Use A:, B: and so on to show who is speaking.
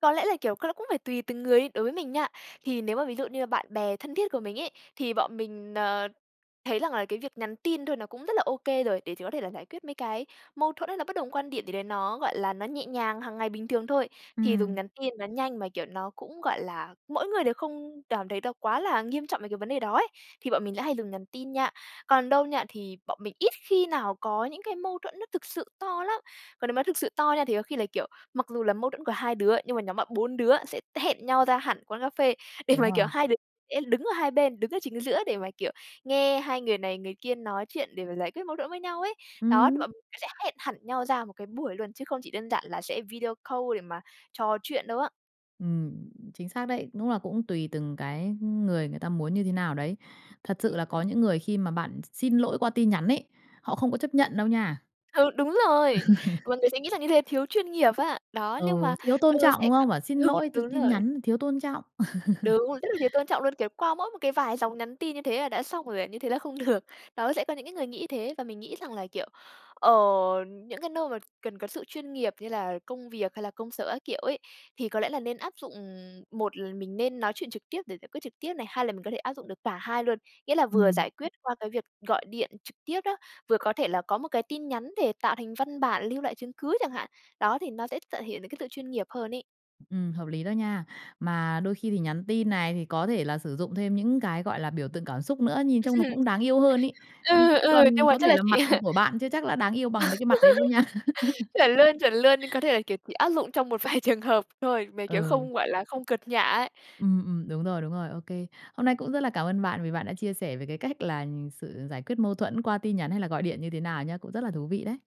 A: Có lẽ là, kiểu, c nó cũng phải tùy từng người ấy, đối với mình nha, thì nếu mà ví dụ như là bạn bè thân thiết của mình ấy, thì bọn mình, ờ, thấy rằng là cái việc nhắn tin thôi nó cũng rất là okay rồi, để chỉ có thể là giải quyết mấy cái mâu thuẫn hay là bất đồng quan điểm gì đấy, nó, gọi là, nó nhẹ nhàng, hàng ngày bình thường thôi. Thì dùng
B: Ừm.
A: nhắn tin nó nhanh mà, kiểu, nó cũng, gọi là, mỗi người đều không cảm thấy nó quá là nghiêm trọng về cái vấn đề đó ấy, thì bọn mình lại hay dùng nhắn tin nha. Còn đâu nha thì bọn mình ít khi nào có những cái mâu thuẫn nó thực sự to lắm. Còn nếu mà thực sự to nha thì có khi là, kiểu, mặc dù là mâu thuẫn của 2 đứa, nhưng mà nhóm bạn 4 đứa sẽ t hẹn nhau ra hẳn quán cà phê để
B: Đúng
A: mà, kiểu,
B: rồi.
A: 2 đứa sẽ đứng ở 2 bên đứng ở chính giữa để mà, kiểu, nghe 2 người này người kia nói chuyện để mà giải quyết mâu thuẫn với nhau ấy. Đó, thì
B: Ừm.
A: bọn mình sẽ hẹn hẳn nhau ra một cái buổi luôn chứ không chỉ đơn giản là sẽ video call để mà trò chuyện đâu á.
B: Ừm, chính xác đấy, đúng là cũng tùy từng cái ng người người ta muốn như thế nào đấy. Thật
A: Ưm
B: sự là
A: hừm.
B: có những người khi mà bạn x xin lỗi qua tin nhắn ấy, họ không có chấp nhận đâu nha.
A: Ừ, đúng
B: Ừ.
A: rồi, mọi người sẽ nghĩ rằng như thế thiếu chuyên nghiệp á. Đó, nhưng
B: Ừ,
A: mà,
B: thiếu tôn
A: ừ,
B: trọng,
A: sẽ
B: đúng
A: gọi
B: không? Bảo xin
A: đúng,
B: lỗi th
A: đúng
B: tin
A: rồi.
B: nhắn thiếu tôn trọng.
A: Đúng, rất là thiếu tôn trọng luôn, kiểu, qua mỗi một cái vài dòng nhắn tin như thế là đã xong rồi à? Như thế là không được. Đó, thì sẽ có những cái người nghĩ thế và mình nghĩ rằng là, kiểu, ở những cái nơi mà cần có sự chuyên nghiệp như là công việc hay là công sở các kiểu ấy, thì có lẽ là nên áp dụng một là mình nên nói chuyện trực tiếp để giải quyết trực tiếp này. Hai là mình có thể áp dụng được cả hai luôn, nghĩa là vừa
B: Ừm.
A: giải quyết qua cái việc gọi điện trực tiếp đó, vừa có thể là có một cái tin nhắn để tạo thành văn bản lưu lại chứng cứ chẳng hạn. Đó, thì nó sẽ thể hiện được cái sự chuyên nghiệp hơn ấy.
B: Ừm, hợp lý đó nha. Mà đôi khi thì nhắn tin này thì có thể là sử dụng thêm những cái, gọi là, biểu tượng cảm xúc nữa,
A: Ừm.
B: nhìn trông nó cũng đáng yêu hơn ấy. Ừ,
A: Ừ,
B: chứ
A: ừ, nhưng
B: còn
A: mà
B: có
A: chắc
B: thể
A: là
B: là
A: chỉ
B: mặt của bạn chưa chắc đã đáng yêu bằng mấy cái mặt đấy luôn nha.
A: Chuẩn luôn, chuẩn luôn, nhưng có thể là, kiểu, chỉ áp dụng trong một vài trường hợp thôi, mà, kiểu,
B: Ừ.
A: không, gọi là, không cợt nhả ấy.
B: Ừm, ừm, đúng rồi, đúng rồi. Ô kê. Hôm nay cũng rất là cảm ơn bạn vì bạn đã chia sẻ về cái cách là sự giải quyết mâu thuẫn qua tin nhắn hay là gọi điện như thế nào nhá, cũng rất là thú vị đấy.